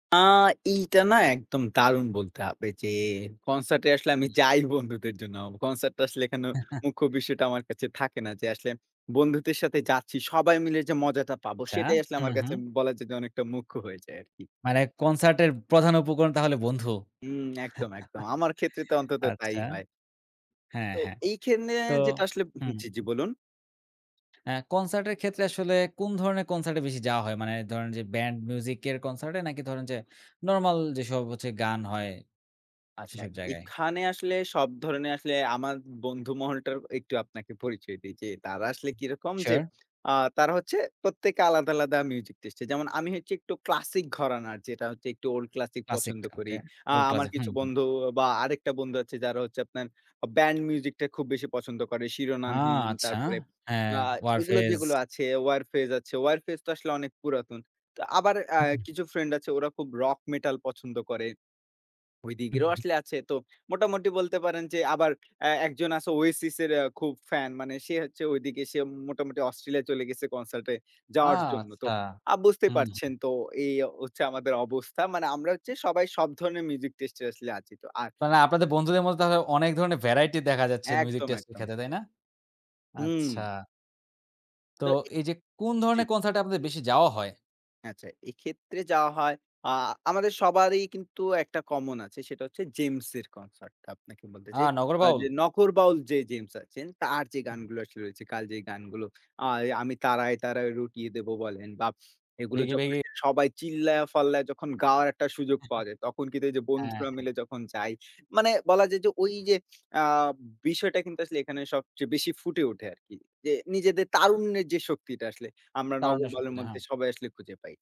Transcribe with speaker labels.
Speaker 1: আ এইটা না? একদম দারুণ বলতে হবে যে, কনসার্ট এ আসলে আমি
Speaker 2: হুম।
Speaker 1: যাই বন্ধুদের জন্য। কনসার্ট টা আসলে এখানে মুখ্য বিষয়টা আমার কাছে থাকে না যে, আসলে বন্ধুদের সাথে যাচ্ছি। সবাই মিলে যে মজাটা পাবো,
Speaker 2: আচ্ছা,
Speaker 1: সেটাই আসলে
Speaker 2: হু,
Speaker 1: আমার কাছে
Speaker 2: হু।
Speaker 1: বলা যায় যে, অনেকটা মুখ্য হয়ে যায় আরকি।
Speaker 2: মানে কনসার্টের প্রধান উপকরণ তাহলে বন্ধু?
Speaker 1: হুম, একদম, একদম। আমার ক্ষেত্রে তো অন্তত তাই
Speaker 2: আচ্ছা?
Speaker 1: হয়
Speaker 2: হ্যাঁ,
Speaker 1: তো
Speaker 2: হ্যাঁ।
Speaker 1: এইখানে
Speaker 2: তো
Speaker 1: যেটা আসলে
Speaker 2: হু,
Speaker 1: উহুম, জি, জি
Speaker 2: হু।
Speaker 1: বলুন?
Speaker 2: হ্যাঁ, কনসার্ট এর ক্ষেত্রে আসলে, কোন ধরনের কনসার্টে বেশি যাওয়া হয়? মানে ধরেন যে ব্যান্ড মিউজিক এর কনসার্ট এ, নাকি ধরেন যে নরমাল যেসব হচ্ছে গান হয়,
Speaker 1: আচ্ছা।
Speaker 2: সেসব জায়গায়?
Speaker 1: এখানে আসলে সব ধরনের আসলে, আমার বন্ধু মহলটা একটু আপনাকে পরিচয় দেই। যে, তারা আসলে কিরকম? যে,
Speaker 2: সিউর।
Speaker 1: আ তারা হচ্ছে প্রত্যেকে আলাদা, আলাদা মিউজিক টেস্টের। যেমন আমি হচ্ছে, একটু ক্লাসিক ঘরানা। যেটা হচ্ছে একটু ওল্ড ক্লাসিক
Speaker 2: ক্লাসিক
Speaker 1: পছন্দ
Speaker 2: ওকে।
Speaker 1: করি। আ
Speaker 2: ওল্ড
Speaker 1: আমার
Speaker 2: ক্লাসিক। হু,
Speaker 1: কিছু
Speaker 2: হু।
Speaker 1: বন্ধু বা আরেকটা বন্ধু আছে, যারা হচ্ছে আপনার আ ব্যান্ড মিউজিক টা খুব বেশি পছন্দ করে।
Speaker 2: ও!
Speaker 1: শিরোনামহীন,
Speaker 2: আচ্ছা।
Speaker 1: তারপরে
Speaker 2: হ্যাঁ,
Speaker 1: আ এগুলো
Speaker 2: ওয়ারফেজ।
Speaker 1: যেগুলো আছে, ওয়ারফেজ আছে, ওয়ারফেজ তো আসলে অনেক পুরাতন। তো আবার আ
Speaker 2: হু, হু।
Speaker 1: কিছু ফ্রেন্ড আছে, ওরা খুব রক মেটাল পছন্দ করে।
Speaker 2: হু,
Speaker 1: ওইদিকেরও
Speaker 2: হু।
Speaker 1: আসলে আছে। তো মোটামুটি বলতে পারেন যে; আবার এ একজন আছে ওয়েসিস এর অ্যা খুব ফ্যান, মানে সে হচ্ছে ঐদিকে সে মোটামুটি অস্ট্রেলিয়া চলে গেছে, কনসার্ট এ
Speaker 2: ও!
Speaker 1: যাওয়ার জন্য। তো
Speaker 2: আচ্ছা।
Speaker 1: আ বুঝতেই
Speaker 2: হুম, হু।
Speaker 1: পারছেন, তো এই হচ্ছে আমাদের অবস্থা। মানে আমরা হচ্ছে সবাই সব ধরণের মিউজিক টেস্টের আসলে আছি। তো আর
Speaker 2: মানে
Speaker 1: অ্যা
Speaker 2: আপনাদের বন্ধুদের মধ্যে তাহলে অনেক ধরনের ভ্যারাইটি দেখা যাচ্ছে, মিউজিক
Speaker 1: একদম,
Speaker 2: টেস্ট এর
Speaker 1: একদম।
Speaker 2: ক্ষেত্রে। তাই না?
Speaker 1: হুম।
Speaker 2: আচ্ছা। তো
Speaker 1: তো এই
Speaker 2: এই যে, কোন
Speaker 1: জি।
Speaker 2: ধরনের কনসার্টে আপনাদের বেশি যাওয়া হয়?
Speaker 1: আচ্ছা। এক্ষেত্রে যা হয়, আ আমাদের সবারই কিন্তু একটা কমন আছে, সেটা হচ্ছে জেমস এর কনসার্ট টা, আপনাকে বলতে
Speaker 2: ও!
Speaker 1: চাই।
Speaker 2: নগর
Speaker 1: আ
Speaker 2: বাউল?
Speaker 1: যে নগর বাউল যে জেমস আছেন, তার যে
Speaker 2: হু।
Speaker 1: গানগুলো আসলে রয়েছে, কালজয়ী গানগুলো। আয়ে "আমি তারায়, তারায় রটিয়ে দেব" বলেন বা এগুলো
Speaker 2: ভিগি,
Speaker 1: যখন
Speaker 2: ভিগি।
Speaker 1: সবাই চিল্লায়া-ফাল্লায় যখন গাওয়ার একটা সুযোগ পাওয়া যায়, তখন কিন্তু এই যে
Speaker 2: হ্যাঁ,
Speaker 1: বন্ধুরা
Speaker 2: হ্যাঁ।
Speaker 1: মিলে যখন যাই, মানে বলা যায় যে ঐ যে আ বিষয়টা কিন্তু আসলে এখানে সবচেয়ে বেশি ফুটে ওঠে আরকি। যে নিজেদের তারুণ্যের যে শক্তিটা আসলে, আমরা নগর
Speaker 2: তারুণ্যের
Speaker 1: বাউলের
Speaker 2: শক্তিটা,
Speaker 1: মধ্যে
Speaker 2: হ্যাঁ।
Speaker 1: সবাই আসলে খুঁজে পাই।